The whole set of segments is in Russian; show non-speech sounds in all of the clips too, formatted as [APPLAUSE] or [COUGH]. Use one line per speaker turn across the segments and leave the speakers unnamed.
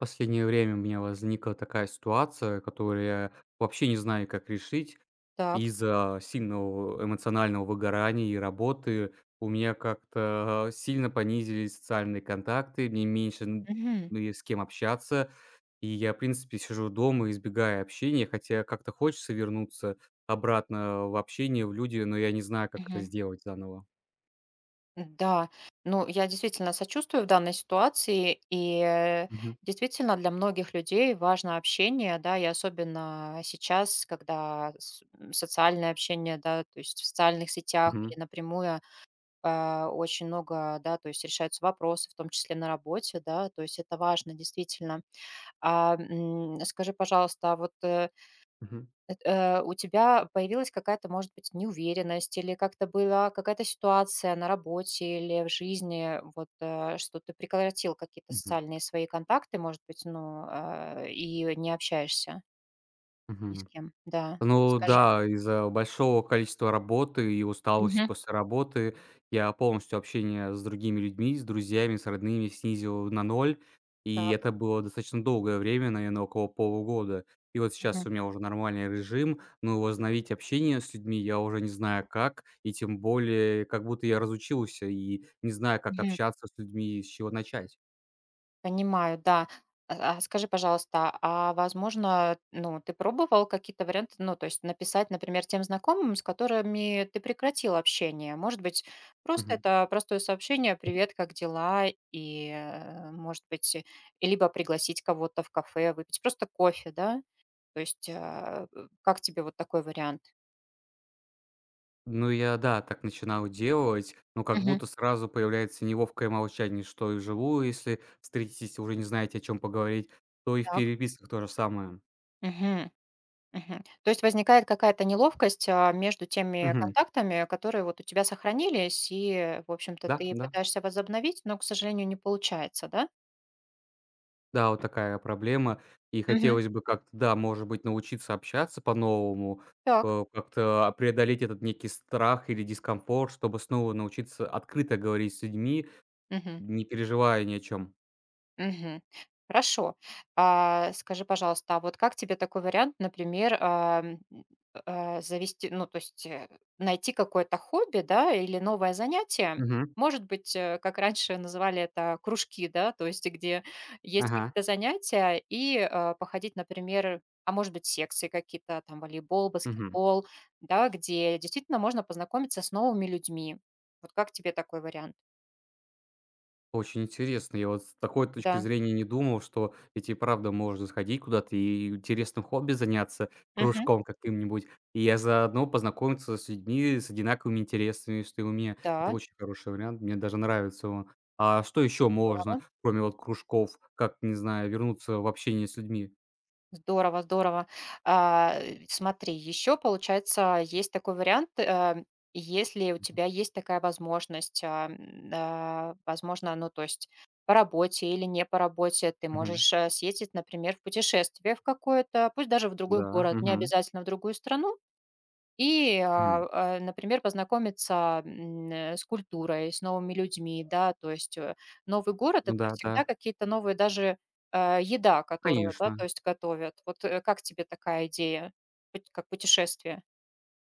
Последнее время у меня возникла такая ситуация, которую я вообще не знаю, как решить.
Так.
Из-за сильного, эмоционального выгорания и работы у меня как-то, а, сильно понизились социальные контакты. Мне меньше нь
Мгм.
ну есть с кем общаться, и я в принципе сижу дома, избегая общения. Хотя как-то хочется вернуться обратно, а, в общение, в люди, но я не знаю, как это
Мгм.
сделать заново.
Да. Ну я, действительно, сочувствую в данной ситуации. И, э,
Мгм.
действительно, для многих людей важно общение, да, и особенно сейчас, когда с м, социальное общение, да, то есть в социальных сетях
Мгм.
или напрямую, э, очень много, да, то есть решаются вопросы, в том числе на работе, да. То есть это важно, действительно. А, м, скажи, пожалуйста, а вот, э,
Мгм.
эт э, у тебя появилась какая-то, может быть, неуверенность или как-то была какая-то ситуация на работе или в жизни? Вот, э, что ты прекратил какие-то
Мгм.
социальные свои контакты, может быть, ну, э, и, э, не общаешься? Ни с
Мгм.
кем. Да.
Ну
Расскажи.
да, из-за большого количества работы и усталости
Мгм.
после работы я полностью общение с другими людьми, с друзьями, с родными снизил на 0. И
Так.
это было достаточно долгое время, наверно, около полугода. И вот
Мгм.
сейчас у меня уже нормальный режим. Но возобновить общение с людьми я уже не знаю как. И тем более, как будто я разучился и не знаю, как
Мгм.
общаться с людьми и с чего начать.
Понимаю, да. А а скажи, пожалуйста, а возможно, ну ты пробовал какие-то варианты? Ну то есть написать, например, тем знакомым, с которыми ты прекратил общение. Может быть, просто
Мгм.
это простое сообщение: "Привет, как дела?" И, э, может быть, э, и либо пригласить кого-то в кафе выпить просто кофе, да? То есть, а, э, как тебе вот такой вариант?
Ну я да, так начинал делать, но как
Мгм.
будто сразу появляется неловкое молчание, что и вживую, если встретитесь и уже не знаете, о чём поговорить, то и в
Так.
переписках то же самое.
Мгм, мгм. То есть возникает какая-то неловкость, а, между теми
Мгм.
контактами, которые вот у тебя сохранились, и, в общем-то, ты
Да-да.
пытаешься возобновить, но, к сожалению, не получается, да?
Да, вот такая проблема. И
Мгм.
хотелось бы как-то, да, может быть, научиться общаться по-новому,
Так.
э, как-то, а, преодолеть этот некий страх или дискомфорт, чтобы снова научиться открыто говорить с людьми,
Мгм.
не переживая ни о чём.
Мгм. Хорошо. А скажи, пожалуйста, а вот как тебе такой вариант, например, э, м, э, завести ну то есть, э, найти какое-то хобби, да, или новое занятие,
Мгм.
может быть, э, как раньше называли это кружки, да? То есть где есть
Ага.
какие-то занятия и, э, походить, например, а, может быть, секции какие-то, там, волейбол,
Мгм.
баскетбол, да? Где действительно можно познакомиться с новыми людьми. Вот как тебе такой вариант?
Очень интересно. Я вот с такой точки
Да.
зрения не думал, что ведь и правда можно сходить куда-то и интересным хобби заняться,
Мгм.
кружком каким-нибудь, и я заодно познакомиться с людьми с одинаковыми интересами, что и у меня. Это
Та.
очень хороший вариант, мне даже нравится он. А, что ещё можно
Здорово.
кроме вот кружков? Как, не знаю, вернуться в общение с людьми?
Здорово здорово. А, э, смотри, ещё получается, есть такой вариант, э. Если у
Мгм.
тебя есть такая возможность, а, м, а, возможно, ну, то есть по работе или не по работе, ты
Мгм.
можешь, э, съездить, например, в путешествие в какое-то, пусть даже в другой
Да,
город,
мгм.
необязательно в другую страну и,
Мгм.
а а, например, познакомиться, м, н с культурой, с новыми людьми, да. То есть, э, новый город-
Ну
это
да,
всегда
да.
какие-то новые, даже, э, еда, которую, да, то
Конечно.
есть готовят. Вот, э, как тебе такая идея поть как путешествие?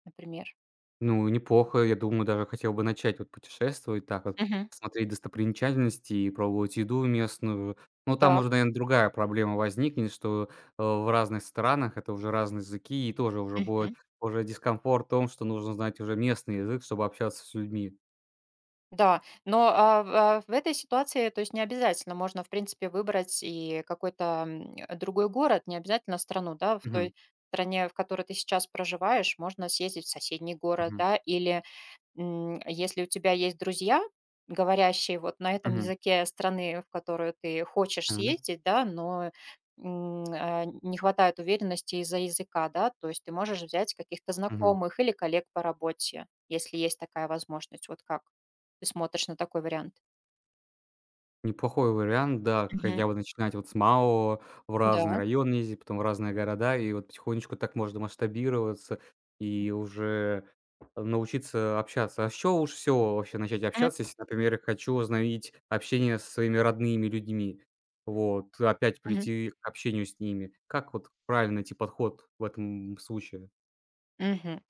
Например.
Ну неплохо. Я думаю, даже хотел бы начать вот путешествовать, так вот
Мгм.
смотреть достопримечательности и пробовать еду местную. Но там
Так.
уже, наверно, другая проблема возникнет, что, э, в разных странах это уже разные языки. И тоже уже будет
Мгм.
уже дискомфорт в том, что нужно знать уже местный язык, чтобы общаться с людьми.
Да. Но, а в а в этой ситуации, то есть необязательно можно, в принципе, выбрать и какой-то, м, э, другой город, необязательно страну, да? В
Мгм.
той стране, в которой ты сейчас проживаешь, можно съездить в соседний город,
Мгм.
да. Или, м, если у тебя есть друзья, говорящие вот на этом
Мгм.
языке страны, в которую ты хочешь
Тана
съездить, да, но, м, а, нь не хватает уверенности из-за языка, да? То есть ты можешь взять каких-то
Мгм.
знакомых или коллег по работе, если есть такая возможность. Вот как ты смотришь на такой вариант?
Неплохой вариант, да. Х
Мгм.
хотя бы начинать вот с малого, в разные
Да.
районы ездить, потом в разные города. И вот потихонечку так можно масштабироваться
М.
и уже научиться общаться. А с чего лучше всего вообще начать
Мгм.
общаться, если, например, я хочу возобновить общение со своими родными людьми? Вот. Опять
Мгм.
прийти к общению с ними. Как вот правильно найти подход в этом случае?
Мгм.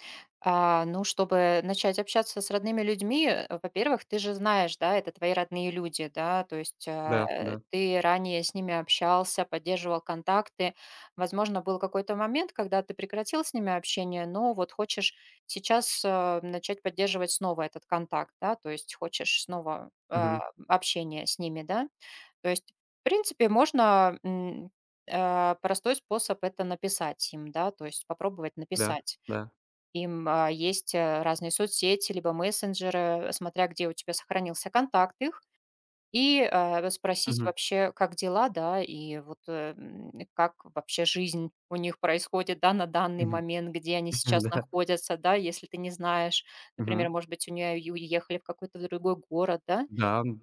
А, ну чтобы начать общаться с родными людьми, [GRUNTS] во-первых, ты же знаешь, да? Это твои родные люди, да? То есть,
Да,
э,
да.
ты ранее с ними общался, поддерживал контакты. Возможно, был какой-то момент, когда ты прекратил с ними общение. Но вот хочешь сейчас, э, начать поддерживать снова этот контакт, да? То есть хочешь снова, э,
Мгм.
м, общение с ними, да? То есть в принципе, можно, м, э, простой способ- это написать им, да? То есть попробовать
Да,
написать
да.
им. Э, есть, э, разные соцсети, либо мессенджеры, э, смотря где у тебя сохранился контакт их, и, э, расспросить
Мгм.
вообще, как дела, да? И вот, э, м, как вообще жизнь у них происходит, да, на данный
Мгм.
момент, где они сейчас
Да.
находятся, да? Если ты не знаешь, например,
Мгм.
может быть, у нюэ ю уехали в какой-то другой город, да?
Да, м,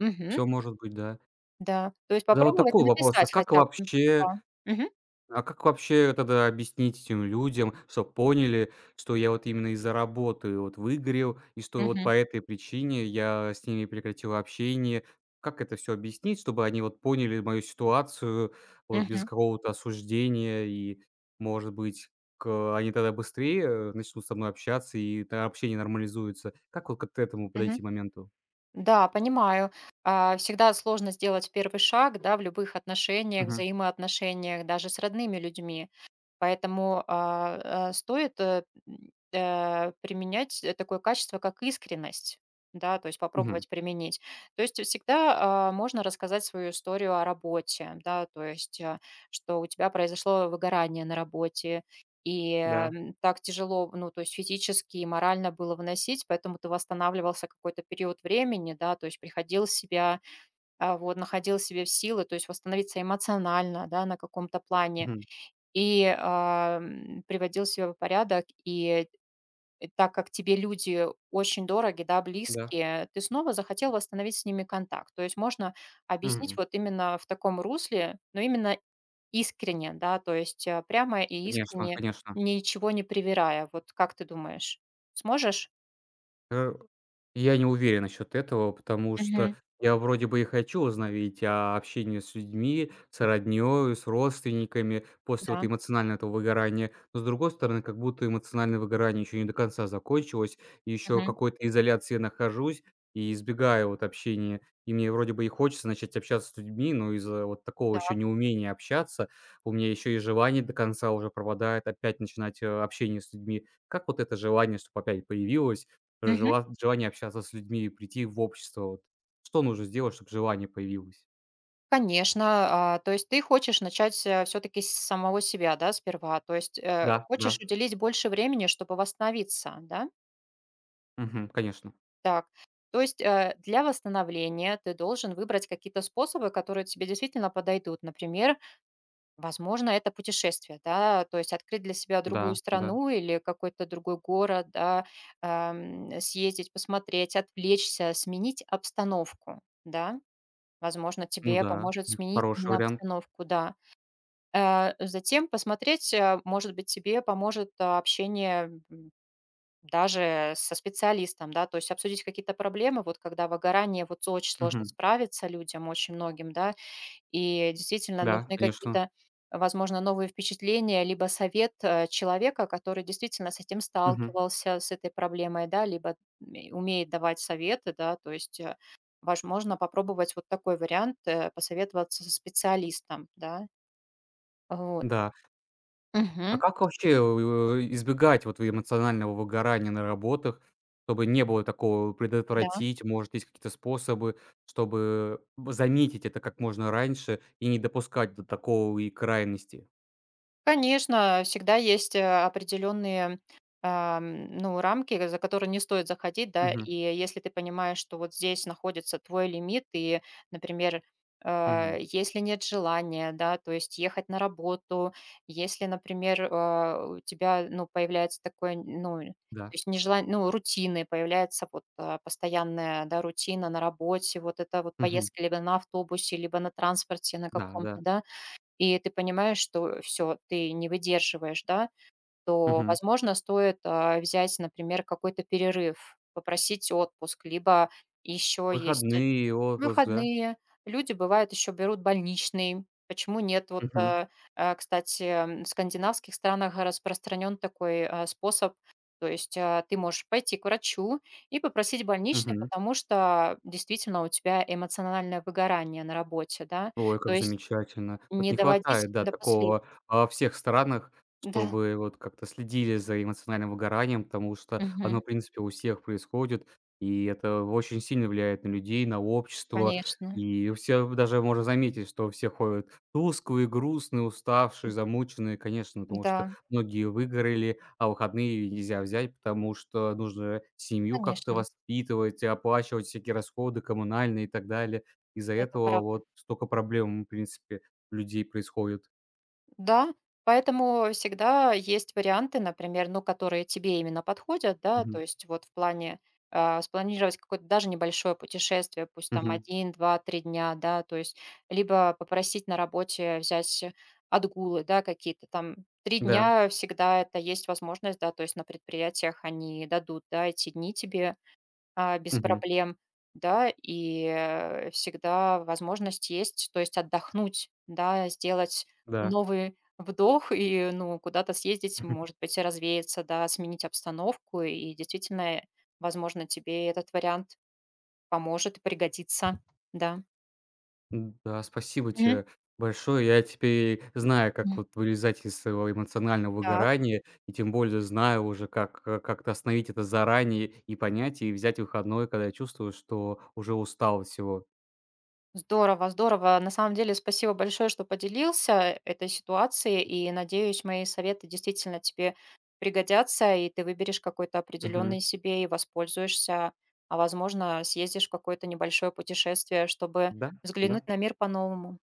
Мгм.
всё может быть, да.
Да, то есть
Тогда вот
попробовать
такой вопрос: а
написать
как
хотя бы,
вообще
да. Мгм.
а как вообще тогда объяснить этим людям, чтоб поняли, что я вот именно из-за работы вот выгорел и что вот
Мгм.
по этой причине я с ними прекратил общение? Как это всё объяснить, чтобы они вот поняли мою ситуацию вот без
Мгм.
какого-то осуждения и, может быть, к э, они тогда быстрее, э, начнут со мной общаться и тогда общение нормализуется? Как вот, как т этому
Мгм.
подойти моменту?
Да, понимаю. Э, всегда сложно сделать 1 шаг, да, в любых отношениях,
Мгм.
взаимоотношениях даже с родными людьми. Поэтому, а, э, стоит, э, м, э, применять, э, такое качество, как искренность, да, то есть
Мгм.
попробовать применить. То есть всегда, а, можно рассказать свою историю о работе, да, то есть, э, что у тебя произошло выгорание на работе. И,
Да.
эм, так тяжело, ну то есть физически и морально было выносить, поэтому ты восстанавливался какой-то период времени, да. То есть приходил в себя, э, вот, находил в себе в силы, то есть восстановиться эмоционально, да, на каком-то плане
Мгм.
и, эм, приводил себя в порядок. И, э э, так как тебе люди очень дороги, да,
Да.
близкие, ты снова захотел восстановить с ними контакт. То есть можно объяснить вот именно в таком русле, но именно искренне, да, то есть, а, прямо и
Конечно
искренне,
конечно.
ничего не привирая. Вот как ты думаешь, сможешь?
Э, [GRUNTS] и я не уверен насчет этого, потому что
Мгм.
я вроде бы и хочу возобновить, а, общение с людьми, с родней и с родственниками после вот
Да.
эмоционального этого выгорания. Но с другой стороны, как будто эмоциональное выгорание еще не до конца закончилось. И еще в
Мгм.
какой-то изоляции я нахожусь и избегаю вот общения. И мне вроде бы и хочется начать общаться с людьми, но из-за вот такого еще
Так.
неумения общаться, у меня ещё и желание до конца уже пропадает опять начинать, э, общение с людьми. Как вот это желание чтоб опять появилось?
Мгм.
Жела желание общаться с людьми и прийти в общество, вот. Что нужно сделать, чтобы желание появилось?
Конечно. Э, то есть ты хочешь начать, э, всё-таки с самого себя, да, сперва? То есть, э,
Да, да.
хочешь уделить больше времени, чтобы восстановиться, да?
Мгм. Конечно.
Так. То есть, э, для восстановления ты должен выбрать какие-то способы, которые тебе действительно подойдут. Например, возможно, это путешествие, да? То есть открыть для себя другую
Да, да.
страну или какой-то другой город, да? Э, м, съездить, посмотреть, отвлечься, сменить обстановку, да? Возможно,
Ну
тебе
да,
поможет
бих
сменить
хороший
именно
вариант.
обстановку, да. Э, затем посмотреть, э, может быть, тебе поможет общение, м, даже со специалистом, да? То есть обсудить какие-то проблемы, вот когда выгорание, вот с очень сложно
Мгм.
справиться людям очень многим, да? И действительно,
Да,
нужны
конечно.
какие-то, возможно, новые впечатления либо совет, э, человека, который действительно с этим
Мгм.
сталкивался, с этой проблемой, да? Либо ме умеет давать советы, да? То есть, э, возможно, попробовать вот такой вариант, э, посоветоваться со специалистом, да? А вот.
Да. А
Мгм.
как вообще, э, у эй, избегать вот в эмоционального выгорания на работах, чтобы не было такого?
Да.
Предотвратить, может, есть какие-то способы, чтобы в заметить это как можно раньше и не допускать до такой и крайности?
Конечно, всегда есть, э, определённые, а, м, ну рамки, к за которые не стоит заходить, да.
Мгм.
И если ты понимаешь, что вот здесь находится твой лимит и, например, э,
Мгм.
если нет желания, да, то есть ехать на работу. Если, например, э, у тебя, ну появляется такое, нь ну то
Да.
есть нежелань ну, рутины появляется, вот, а, постоянная, да, рутина на работе, вот эта вот
Мгм.
поездка либо на автобусе, либо на транспорте на каком-то,
Да-да.
да. И ты понимаешь, что всё, ты не выдерживаешь, да. То,
Мгм.
возможно, стоит, а, взять, например, какой-то перерыв, попросить отпуск. Либо ещё есть
Выходные, отпуск, да?
выходные. Люди, бывает, ещё берут больничный. Почему нет? Вот,
Мгм.
э э, кстати, в скандинавских странах распространён такой, э, способ. То есть, э, ты можешь пойти к врачу и попросить больничный,
Мгм.
потому что действительно у тебя эмоциональное выгорание на работе, да.
Ой,
То
как
есть
замечательно. Вот
не
не
доводить
хватает, да,
до послед
такого во всех странах,
Да.
чтобы вот как-то следили за эмоциональным выгоранием. Потому что оно,
Мгм.
в принципе, у всех происходит, и это очень сильно влияет на людей, на общество.
Конечно.
И у всех даже можно заметить, что все ходят тусклые, грустные, уставшие,
М.
замученные, конечно, потому что
М-да.
многие выгорали. А выходные нельзя взять, потому что нужно семью как-то
Конечно.
воспитывать и оплачивать всякие расходы коммунальные и так далее. Из-за
Это
этого
правда.
вот стока проблем у, в принципе, людей происходит.
Да. Поэтому всегда есть варианты, например, ну которые тебе именно подходят, да? То
Мгм.
есть вот в плане, а, спланировать какое-то даже небольшое путешествие, пусть там
Мгм.
1, 2, 3 дня, да? То есть либо попросить на работе взять отгулы, да, какие-то там 3
Да.
дня, всегда это есть возможность, да? То есть на предприятиях они дадут, да, эти дни тебе, а, без
Мгм.
проблем, да? И, э, всегда возможность есть, то есть отдохнуть, да, сделать
Да.
новый вдох и, ну куда-то съездить,
Мгм.
может быть, и развеяться, да, сменить обстановку. И действительно, э, возможно, тебе этот вариант поможет и пригодится. Да.
Да. Спасибо
Мгм.
те большое. Я теперь знаю, как
М.
вот вылезать из своего эмоционального
Так.
выгорания и тем более знаю уже, как к как-то остановить это заранее и понять, и взять выходной, когда я чувствую, что уже устал от всего.
Здорово здорово. На самом деле спасибо большое, что поделился этой ситуацией, и надеюсь, мои советы действительно тебе пригодятся, и ты выберешь какой-то
Мгм.
определенный себе и воспользуешься, а возможно, съездишь в какое-то небольшое путешествие, чтобы
Да,
взглянуть
да.
на мир по-новому.